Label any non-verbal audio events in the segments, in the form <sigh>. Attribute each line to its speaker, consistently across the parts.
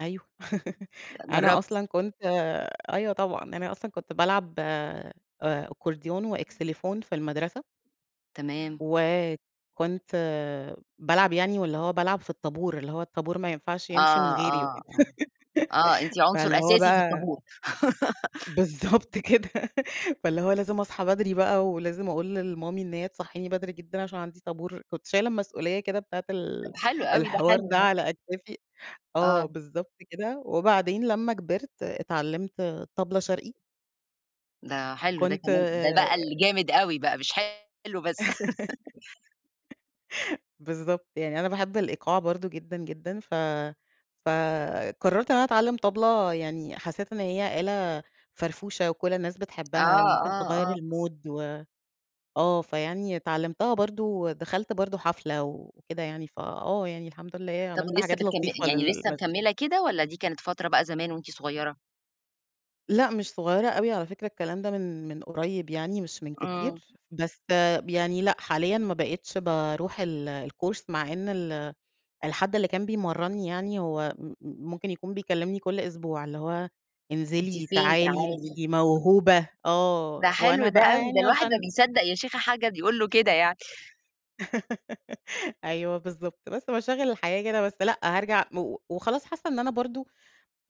Speaker 1: أيوه <giggles> أنا
Speaker 2: جربتِ.
Speaker 1: أصلًا كنت أيوه طبعًا، أنا أصلًا كنت بالعب آآ Accordion وXylophone في المدرسة.
Speaker 2: تمام.
Speaker 1: و كنت بالعب يعني، واللي هو بالعب في الطابور، اللي هو الطابور ما ينفعش
Speaker 2: آه،
Speaker 1: يمشي من غيري
Speaker 2: آه،
Speaker 1: وكده،
Speaker 2: آه، آه،
Speaker 1: <giggles>
Speaker 2: أنتِ عنصر
Speaker 1: فاللي هو
Speaker 2: أساسي في
Speaker 1: بقى
Speaker 2: الطابور. <giggles>
Speaker 1: بالضبط كده <giggles> فاللي هو لازم أصحى بدري بقى ولازم أقول لMommy إن هي تصحيني بدري جدًا عشان عندي طابور، كنت شايلة المسؤولية كده بتاعة ال
Speaker 2: حلو أوي ده
Speaker 1: الحوار
Speaker 2: حلو
Speaker 1: ده
Speaker 2: ده.
Speaker 1: على أكتافي، آه
Speaker 2: آه.
Speaker 1: بالضبط كده، وبعدين لما كبرت اتعلمت طبلة شرقي.
Speaker 2: ده حلو ده
Speaker 1: كنت
Speaker 2: كمان، ده بقى اللي جامد أوي بقى مش حلو بس. <giggles>
Speaker 1: <giggles> بالضبط، يعني أنا باحب الإيقاع برضه جدًا، جدًا، ف فقررت إن أنا أتعلم طبلة، يعني حسيت إن هي آلة فرفوشة وكل الناس
Speaker 2: آه،
Speaker 1: بتحبها وممكن تغيّر
Speaker 2: آه، آه.
Speaker 1: الMood و آه فيعني اتعلمتها برضه، دخلت برضه حفلة وكده يعني فآه يعني، الحمد لله
Speaker 2: طَب
Speaker 1: عملت
Speaker 2: ولسه
Speaker 1: حاجات
Speaker 2: بتكمِل
Speaker 1: لطيفة
Speaker 2: يعني لسه
Speaker 1: للمزي
Speaker 2: مكمِلة كده والّا دي كانت فترة بقى زمان وأنتِ صغيرة؟
Speaker 1: لأ مش صغيرة أوي على فكرة الكلام ده من من قريب يعني مش من كتير،
Speaker 2: آه.
Speaker 1: بس يعني لأ حاليًا ما بقيتش باروح ال الCourse مع إن ال الحد اللي كان بيمرني يعني هو م م ممكن يكون بيكلمني كل أسبوع، اللي هو
Speaker 2: أنتِ
Speaker 1: انزلي،
Speaker 2: فين
Speaker 1: تعالي، أنتِ
Speaker 2: تعالِي.
Speaker 1: موهوبة، آه،
Speaker 2: ده حلو
Speaker 1: وأنا
Speaker 2: ده
Speaker 1: بقى
Speaker 2: أوي ده
Speaker 1: يعني
Speaker 2: الواحد ما
Speaker 1: عشان
Speaker 2: بيصدق يا شيخة <unintelligible> يقول له كده يعني.
Speaker 1: <giggles> أيوه بالضبط، بس مشاغل الحياة كده، بس لأ هارجع، و وخلاص حاسة إن أنا برضه،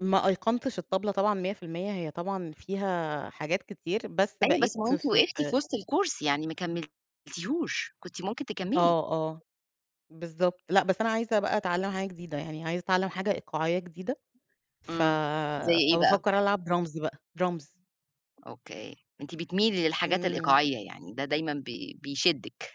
Speaker 1: ما أيقنتش الطبلة طبعًا 100% هي طبعًا فيها حاجات كتير، بس
Speaker 2: أيوه
Speaker 1: بقيت
Speaker 2: بس ما هو
Speaker 1: ف
Speaker 2: أنتِ
Speaker 1: ف
Speaker 2: وقفتِ في وسط الCourse يعني ما كملتيهوش، كنتِ ممكن تكملي.
Speaker 1: آه، آه، بالضبط، لأ بس أنا عايزة بقى أتعلم حاجة جديدة يعني، عايزة أتعلم حاجة إيقاعية جديدة، ف
Speaker 2: إمم، زي إيه بقى؟
Speaker 1: فبافكر ألعب Drums بقى Drums.
Speaker 2: أوكي، أنتِ بتميلي للحاجات
Speaker 1: إمم.
Speaker 2: الإيقاعية يعني، ده دايمًا ب بيشدِك.